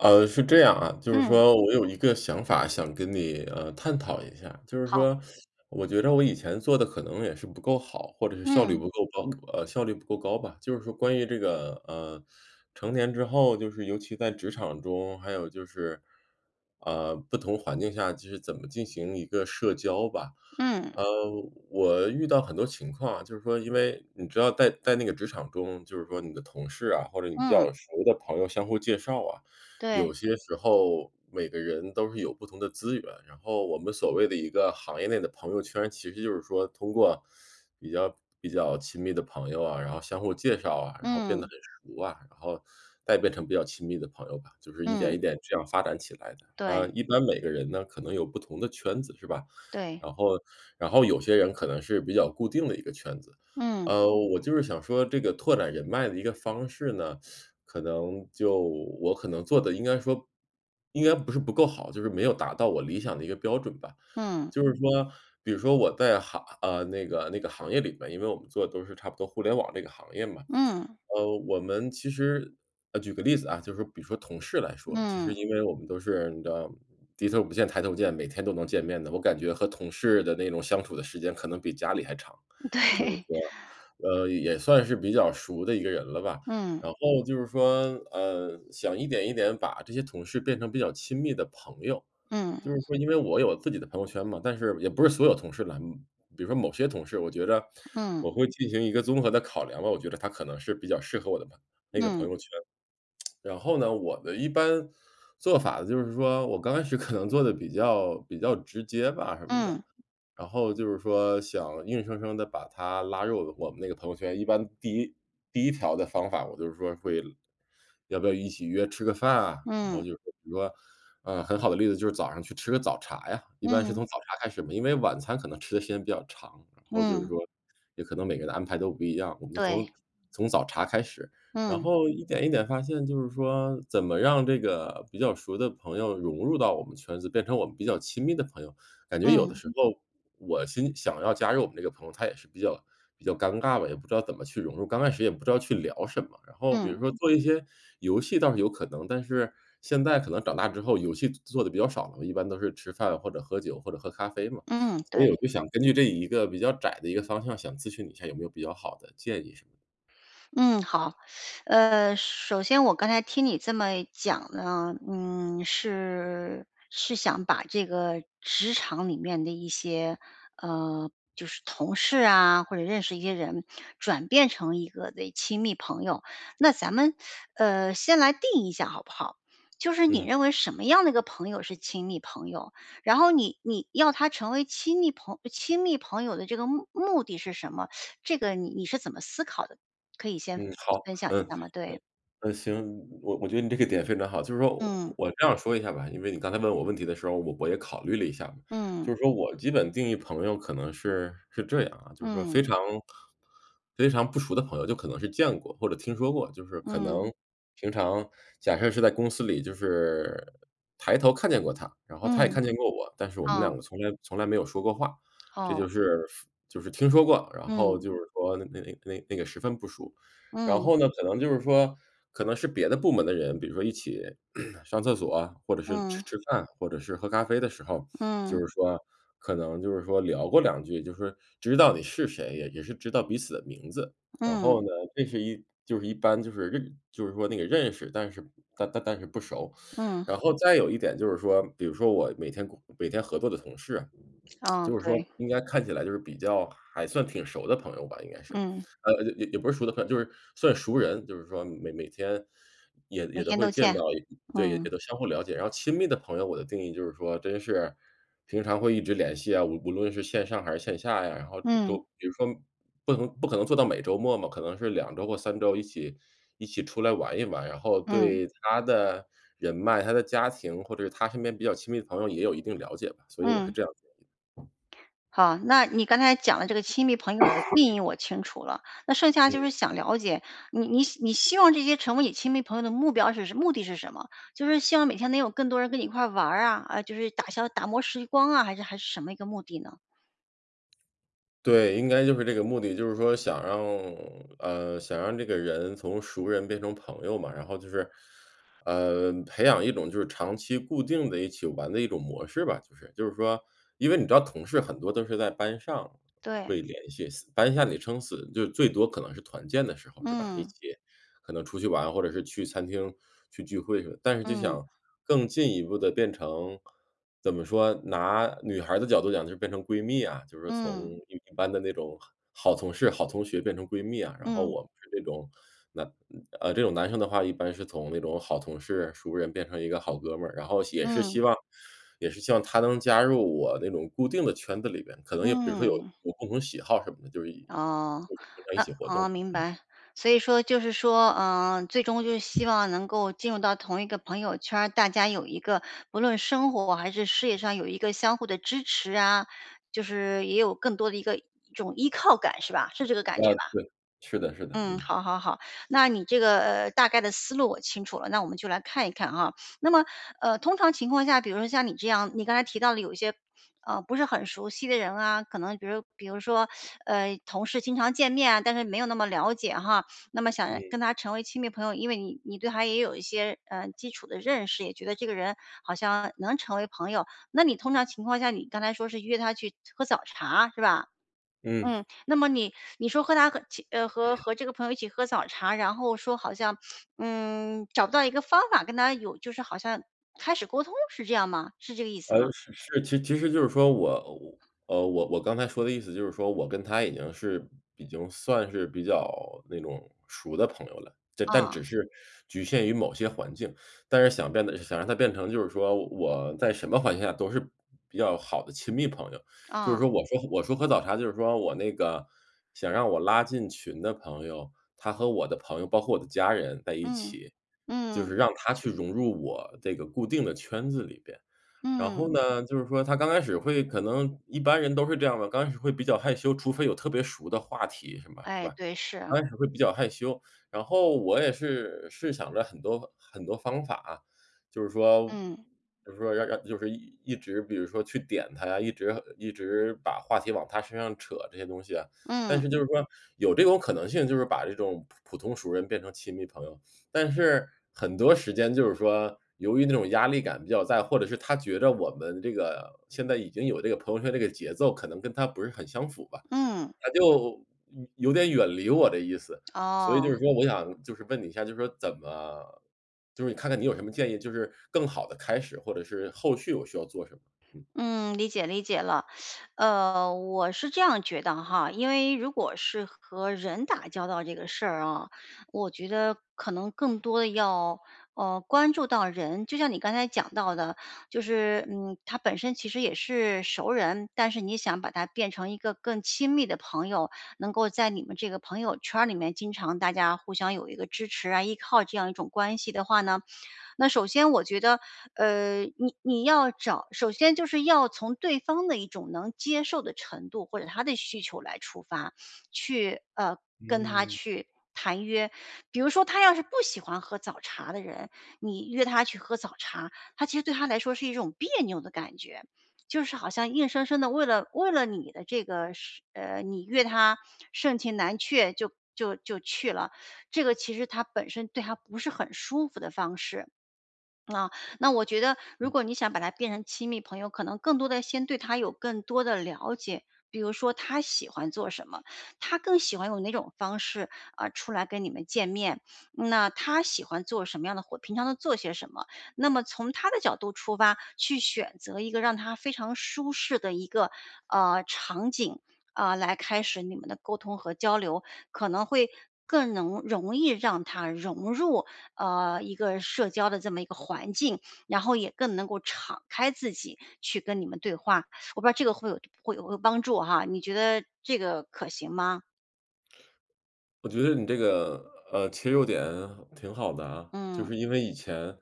呃，是这样啊，就是嗯。说我有一个想法想跟你，呃，探讨一下。就是好。说我觉着我以前做得可能也是不够好，或者是效率嗯。不够高呃，效率不够高吧，就是说关于这个，呃，成年之后，就是尤其在职场中，还有就是，呃，不同环境下就是怎么进行一个社交吧。嗯。呃，我遇到很多情况啊，就是说因为你知道在在那个职场中，就是说你的同事啊，或者你比嗯。较熟的朋友相互介绍啊，对。有些时候每个人都是有不同的资源，然后我们所谓的一个行业内的朋友圈，其实就是说通过比较比较亲密的朋友啊，然后相互介绍啊，然后变得嗯。很熟啊，然后再变成比较亲密的朋友吧，就是一点嗯。一点这样发展起来的。啊，对。一般每个人呢可能有不同的圈子是吧？对。然后然后有些人可能是比较固定的一个圈子。嗯。呃，我就是想说这个拓展人脉的一个方式呢，可能就我可能做得应该说应该不是不够好，就是没有达到我理想的一个标准吧。嗯。就是说比如说我在行啊，那个那个行业里面，因为我们做的都是差不多互联网这个行业嘛，嗯。呃，我们其实呃，举个例子啊，就是比如说同事来说，其实嗯。因为我们都是你知道低头不见抬头见，每天都能见面的，我感觉和同事的那种相处的时间可能比家里还长，就是对。说，呃，也算是比较熟的一个人了吧。嗯。然后就是说，呃，想一点一点把这些同事变成比较亲密的朋友，嗯。就是说因为我有自己的朋友圈嘛，但是也不是所有同事啦，比如说某些同事，我觉着嗯。我会进行一个综合的考量吧，我觉着他可能是比较适合我的朋那个朋嗯。友圈。然后呢，我的一般做法就是说，我刚开始可能做得比较比较直接吧什么的，嗯。然后就是说想硬生生地把他拉入我们那个朋友圈。一般第1第1条的方法，我就是说会要不要一起约吃个饭啊，然后嗯。就是比如说，呃，很好的例子，就是早上去吃个早茶呀，一般是嗯。从早茶开始嘛，因为晚餐可能吃的时间比较长，然后就是嗯。说也可能每个人的安排都不一样，我们就从对。从早茶开始。然嗯。后一点一点发现就是说，怎么让这个比较熟的朋友融入到我们圈子变成我们比较亲密的朋友，感觉有的嗯。时候我心想要加入我们这个朋友，他也是比较比较尴尬吧，也不知道怎么去融入，刚开始也不知道去聊什么。然后比如嗯。说做一些游戏倒是有可能，但是现在可能长大之后游戏做做得比较少了，一般都是吃饭或者喝酒，或者喝咖啡嘛。嗯，所对。以我就想根据这一个比较窄的一个方向，想咨询你一下有没有比较好的建议什么的？嗯，好。呃，首先我刚才听你这么讲呢，嗯，是是想把这个职场里面的一些，呃，就是同事啊，或者认识一些人转变成一个的亲密朋友。那咱们，呃，先来定义一下好不好？就是你嗯。认为什么样的一个朋友是亲密朋友？然后你你要他成为亲密朋亲密朋友的这个目目的是什么？这个你你是怎么思考的？可以先嗯，好分享一嗯嗯下吗？对。嗯，行。我我觉得你这个点非常好。就是说嗯。我这样说一下吧，因为你刚才问我问题的时候，我我也考虑了一下。嗯。就是说我基本定义朋友可能是是这样啊，就是说非嗯。常非常不熟的朋友，就可能是见过或者听说过，就是可嗯。能平常假设是在公司里就是抬头看见过他，然后他也嗯。看见过我，但是我们嗯。两个从来从来没有说过话，这哦。就是就是听说过，然后嗯。就是说那那那那个十分不熟。然嗯。后呢，可能就是说可能是别的部门的人，比如说一起 上厕所啊，或者是吃嗯。吃饭，或者是喝咖啡的时候，就嗯。是说可能就是说聊过两句，就是知道你是谁，也也是知道彼此的名字，然嗯。后呢，这是一就是一般就是认就是说那个认识，但是但但是不熟。嗯。然后再有一点就是说，比如说我每天每天合作的同事。哦，就是说对。应该看起来就是比较还算挺熟的朋友吧应该是，嗯。呃，也也不是熟的很就是算熟人，就是说每每天也每也都天会都见见，到对，也嗯。都相互了解。然后亲密的朋友我的定义就是说真是平常会一直联系啊，无无论是线上还是线下呀，然后都嗯。比如说不能不可能做到每周末嘛，可能是2周或3周一起一起出来玩一玩，然后嗯。对他的人脉，他的家庭或者他身边比较亲密的朋友也有一定了解吧，所以我是嗯。这样子的。好，那你刚才讲的这个亲密朋友的定 义我清楚了，那剩下就嗯。是想了解，你你你希望这些成为你亲密朋友的目标是目的是什么？就是希望每天能有更多人跟你一块玩啊，呃，就是打消打磨时光啊，还是还是什么一个目的呢？对，应该就是这个目的，就是说想让，呃，想让这个人从熟人变成朋友嘛，然后就是，呃，培养一种就是长期固定的一起玩的一种模式吧，就是就是说，因为你知道同事很多都是在班上对。会联系，班下你撑死就最多可能是团建的时候，是吧？一嗯。起可能出去玩，或者是去餐厅去聚会去，但是就嗯。想更进一步地变成，怎么说，拿女孩儿的角度讲就变成闺蜜啊，就是嗯。从嗯一般的那种好好同事、好同学变成闺蜜啊，然后嗯。我们是这种，呃，呃，这种男生的话，一般是从那种好同事熟人变成一个好哥们儿，然后也是嗯。希望也是希望他能加入我那种固定的圈子里面，可能也比如说有嗯。有共同喜好什么的，就是一哦，就经常一哦，起活哦，动。明嗯。白，所以说就是说，呃，最终就是希望能够进入到同一个朋友圈儿，大家有一个不论生活还是事业上有一个相互的支持啊，就是也有更多的一个一种依靠感，是吧？是这个感啊，觉吧。对，是的，是的，嗯，嗯。好好好，那你这个大概的思路我清楚了，那我们就来看一看啊。那么，呃，通常情况下，比如说像你这样，你刚才提到了有一些，呃，不是很熟悉的人啊，可能比如比如说，呃，同事经常见面啊，但是没有那么了解哈，那么想嗯。跟他成为亲密朋友，因为你你对他也有一些，呃，基础的认识，也觉得这个人好像能成为朋友，那你通常情况下，你刚才说是约他去喝早茶，是吧？嗯。嗯，那么你你说和他和其呃，和 和这个朋友一起喝早茶，然后说好像，嗯，找不到一个方法跟他有就是好像开始沟通，是这样吗？是这个意思呃，吗？是是其其实就是说我，呃，我我刚才说的意思就是说，我跟他已经是已经算是比较那种熟的朋友了，就但只嗯。是局限于某些环境，但是想变得想让他变成就是说我在什么环境下都是比较好的亲密朋友，就是嗯。说我说我说喝早茶，就是说我那个想让我拉进群的朋友，他和我的朋友，包括我的家人在一嗯，起，就是嗯。让他去融入我这个固定的圈子里边。然后嗯。呢，就是说他刚开始会可能一般人都是这样的，刚开始会比较害羞，除非有特别熟的话题是吧是哎，吧？对，是。刚开始会比较害羞，然后我也是试想了很多很多方法，就是说嗯。就是说要要就是一直比如说去点他呀，一直一直把话题往他身上扯这些东西啊，但嗯。是就是说有这种可能性，就是把这种普普通熟人变成亲密朋友，但是很多时间就是说由于那种压力感比较大，或者是他觉得我们这个现在已经有这个朋友圈这个节奏，可能跟他不是很相符吧，嗯。他就有点远离我的意思。所以就哦。是说我想就是问你一下，就说怎么就是你看看你有什么建议，就是更好地开始，或者是后续我需要做什么，嗯。嗯，理解，理解了。呃，我是这样觉得哈，因为如果是和人打交道这个事啊，我觉得可能更多的要，呃，关注到人，就像你刚才讲到的，就是，嗯，他本身其实也是熟人，但是你想把他变成一个更亲密的朋友，能够在你们这个朋友圈儿里面经常大家互相有一个支持啊、依靠这样一种关系的话呢。那首先我觉得，呃，你你要找首先就是要从对方的一种能接受的程度，或者他的需求来出发，去呃，跟他嗯。去谈约，比如说他要是不喜欢喝早茶的人，你约他去喝早茶，他其实对他来说是一种别扭的感觉，就是好像硬生生地为了为了你的这个，是呃，你约他，盛情难却就就就去了。这个其实他本身对他不是很舒服的方式。呃，那我觉得如嗯。果你想把他变成亲密朋友，可能更多的先对他有更多的了解，比如说他喜欢做什么，他更喜欢用哪种方式，啊，出来跟你们见面，那他喜欢做什么样的活，平常都做些什么，那么从他的角度出发，去选择一个让他非常舒适的一个，呃，场景，啊，来开始你们的沟通和交流，可能会更能容易让他融入，呃，一个社交的这么一个环境，然后也更能够敞开自己去跟你们对话。我不知道这个会有会有会帮助哈，你觉得这个可行吗？我觉得你这个，呃，切入点挺好的啊。就是嗯。因为以前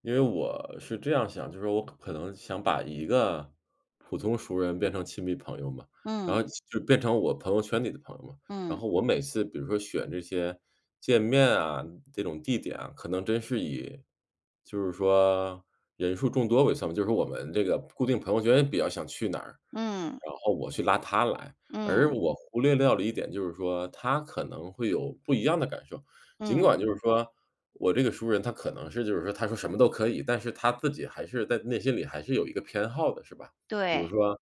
因为我是这样想，就是说我可能想把一个普通熟人变成亲密朋友嘛。然嗯。后就就变成我朋友圈里的朋友嘛。然嗯。后我每次比如说选这些见面啊，这种地点啊，可能真是以就是说人数众多为算嘛。就是我们这个固定朋友圈比较想去哪儿，嗯。然后我去拉他来。而嗯。我忽略掉了一点就是说他可能会有不一样的感受。尽嗯。管就是说我这个熟人他可能是就是说他说什么都可以，但是他自己还是在内心里还是有一个偏好的，是吧。比如对。说，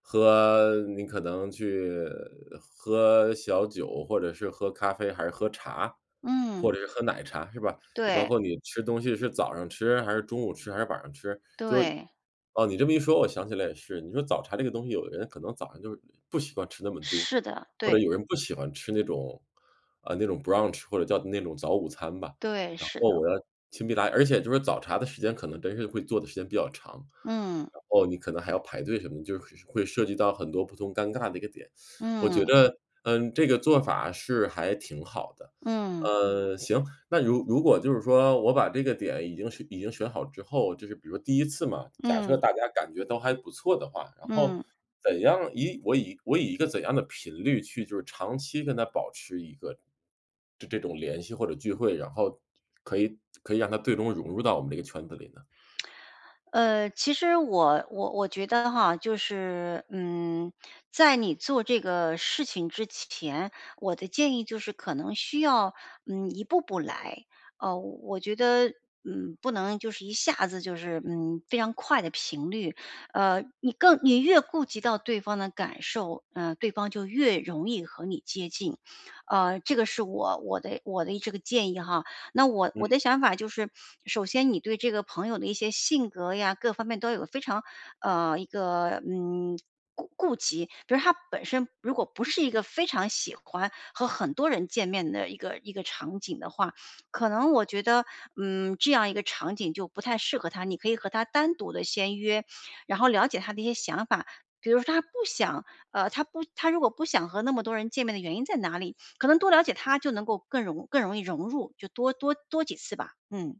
喝你可能去喝小酒，或者是喝咖啡还是喝茶，或嗯。者是喝奶茶是吧。包对。括你吃东西是早上吃还是中午吃还是晚上吃，就对，哦，你这么一说我想起来也是，你说早茶这个东西有的人可能早上就不喜欢吃那么多，是的，或者对。有人不喜欢吃那种呃，那种 brunch 或者叫那种早午餐吧。对，然是的。后我要。而且就是早茶的时间可能真是会坐的时间比较长，嗯。然后你可能还要排队什么的，就是会涉及到很多不同尴尬的一个点。我觉嗯。得，嗯，这个做法是还挺好的。嗯。嗯，行，那如如果就是说我把这个点已经是已经选好之后，就是比如第1次嘛，假设嗯。大家感觉都还不错的话，然后嗯。怎样以我以我以一个怎样的频率去，就是长期跟他保持一个这这种联系或者聚会，然后可以可以让他最终融入到我们这个圈子里呢。呃，其实我我我觉得哈，就是，嗯，在你做这个事情之前，我的建议就是可能需要，嗯，一步步来。啊，我觉得，嗯，不能就是一下子就是，嗯，非常快地频率。呃你更你越顾及到对方的感受，嗯，对方就越容易和你接近。啊，这个是我我的我的这个建议哈。那我我嗯。的想法就是首先你对这个朋友的一些性格呀，各方面都有非常，呃，一个，嗯，顾顾及。比如他本身如果不是一个非常喜欢和很多人见面的一个一个场景的话，可能我觉得，嗯，这样一个场景就不太适合他，你可以和他单独地先约，然后了解他的一些想法，比如他不想，呃，他不他如果不想和那么多人见面的原因在哪里，可能多了解他就能够更容易更容易融入，就多多多几次吧。嗯。